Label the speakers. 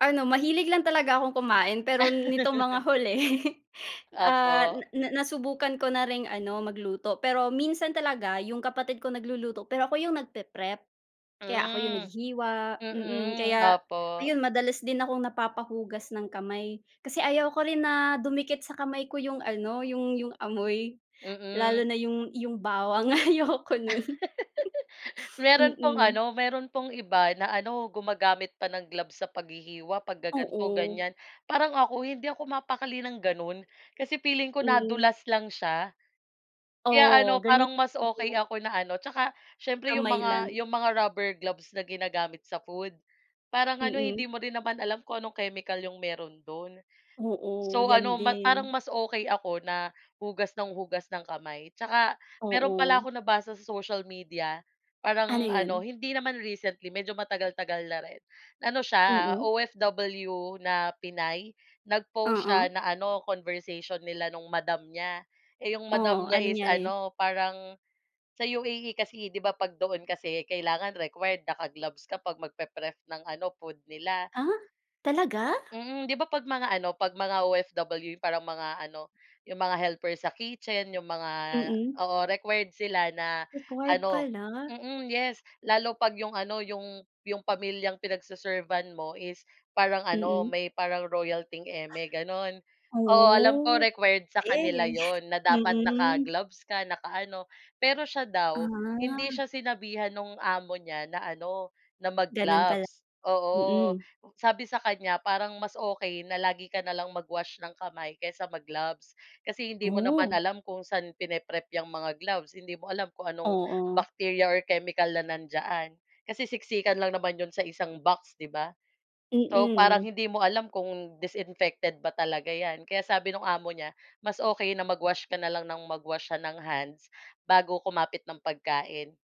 Speaker 1: Ano, mahilig lang talaga akong kumain, pero nitong mga huli, ah, na
Speaker 2: Opo.
Speaker 1: na nasubukan ko na ring ano, magluto, pero minsan talaga 'yong kapatid ko nagluluto, pero ako 'yong nagpe-prep. Kaya ako 'yong
Speaker 2: Hmm,
Speaker 1: naghihiwa, mm,
Speaker 2: mm,
Speaker 1: kaya,
Speaker 2: opo.
Speaker 1: ayun madalas din akong napapa-hugas ng kamay. Kasi ayaw ko rin na dumikit sa kamay ko 'yong ano, 'yong 'yong amoy, lalo
Speaker 2: Mm.
Speaker 1: na 'yong 'yong bawang, ayoko no'n,
Speaker 2: Meron pong
Speaker 1: mm.
Speaker 2: ano, meron pong iba na ano, gumagamit pa ng gloves sa paghihiwa, pag-gaganto,
Speaker 1: Oo.
Speaker 2: ganyan. Parang ako, hindi ako mapakali ng ganon, kasi feeling ko
Speaker 1: Mm.
Speaker 2: nadulas lang siya, kaya
Speaker 1: Oo,
Speaker 2: ano,
Speaker 1: ganyan,
Speaker 2: parang mas okey
Speaker 1: ayun.
Speaker 2: ako na ano, 'tsaka, siyempre, 'yong
Speaker 1: Kamay
Speaker 2: mga
Speaker 1: lang.
Speaker 2: 'yong mga rubber gloves na ginagamit sa food, parang ano eh, hindi
Speaker 1: Mm.
Speaker 2: mo rin naman alam kung anong chemical 'yung meron do'n.
Speaker 1: Oo,
Speaker 2: So
Speaker 1: yan
Speaker 2: ano, ma parang
Speaker 1: din.
Speaker 2: mas okey ako na hugas ng hugas ng kamay. 'Tsaka meron pala
Speaker 1: Oo.
Speaker 2: akong nabasa sa social media,
Speaker 1: Ano
Speaker 2: parang ano,
Speaker 1: yun?
Speaker 2: hindi naman recently, medyo matagal-tagal na rin. Ano siya,
Speaker 1: Mm.
Speaker 2: OFW na Pinay. Nag-post siya
Speaker 1: Oo.
Speaker 2: na ano, conversation nila nung madam niya. Eh, 'yong madam
Speaker 1: Oo,
Speaker 2: niya
Speaker 1: ano
Speaker 2: is
Speaker 1: nangyari?
Speaker 2: ano, parang sa UAE kasi, 'di ba, 'pag doon kasi kailangan required naka-gloves ka 'pag mag-pe-prep ng ano, food nila?
Speaker 1: Ah, talaga?
Speaker 2: Mhm, 'di ba, 'pag mga ano, 'pag mga OFW parang mga ano, 'yong mga helper sa kitchen, 'yong mga
Speaker 1: Mm.
Speaker 2: oo, required sila na,
Speaker 1: Required
Speaker 2: ano
Speaker 1: pala.
Speaker 2: mm, yes, lalo 'pag 'yong ano, 'yong 'yong pamilyang pinag-se-servant mo is parang ano,
Speaker 1: Mm.
Speaker 2: may parang royal thing eme, gano'n. Oo, alam ko
Speaker 1: Oh,
Speaker 2: required sa kanila
Speaker 1: key,
Speaker 2: 'yon na dapat
Speaker 1: mm.
Speaker 2: naka-gloves ka, naka-ano, pero siya daw, hindi
Speaker 1: Ah.
Speaker 2: siya sinabihan nong amo niya na ano, na
Speaker 1: Ganon pala
Speaker 2: mag-gloves, oo.
Speaker 1: mhm.
Speaker 2: Sabi sa kanya, parang mas okey na lagi ka na lang mag-wash ng kamay kaysa mag-gloves, kasi hindi mo naman
Speaker 1: Oh.
Speaker 2: alam kung saan pine-prep 'yang mga gloves, hindi mo alam kung anong
Speaker 1: Oo.
Speaker 2: bacteria or chemical na nandiyaan. Kasi siksikan lang naman 'yon sa isang box, 'di ba? So, parang
Speaker 1: Mm.
Speaker 2: hindi mo alam kung disinfected ba talaga 'yan. Kaya sabi nung amo niya, mas okey na mag-wash ka na lang nang mag-wash siya ng hands bago kumapit ng pagkain.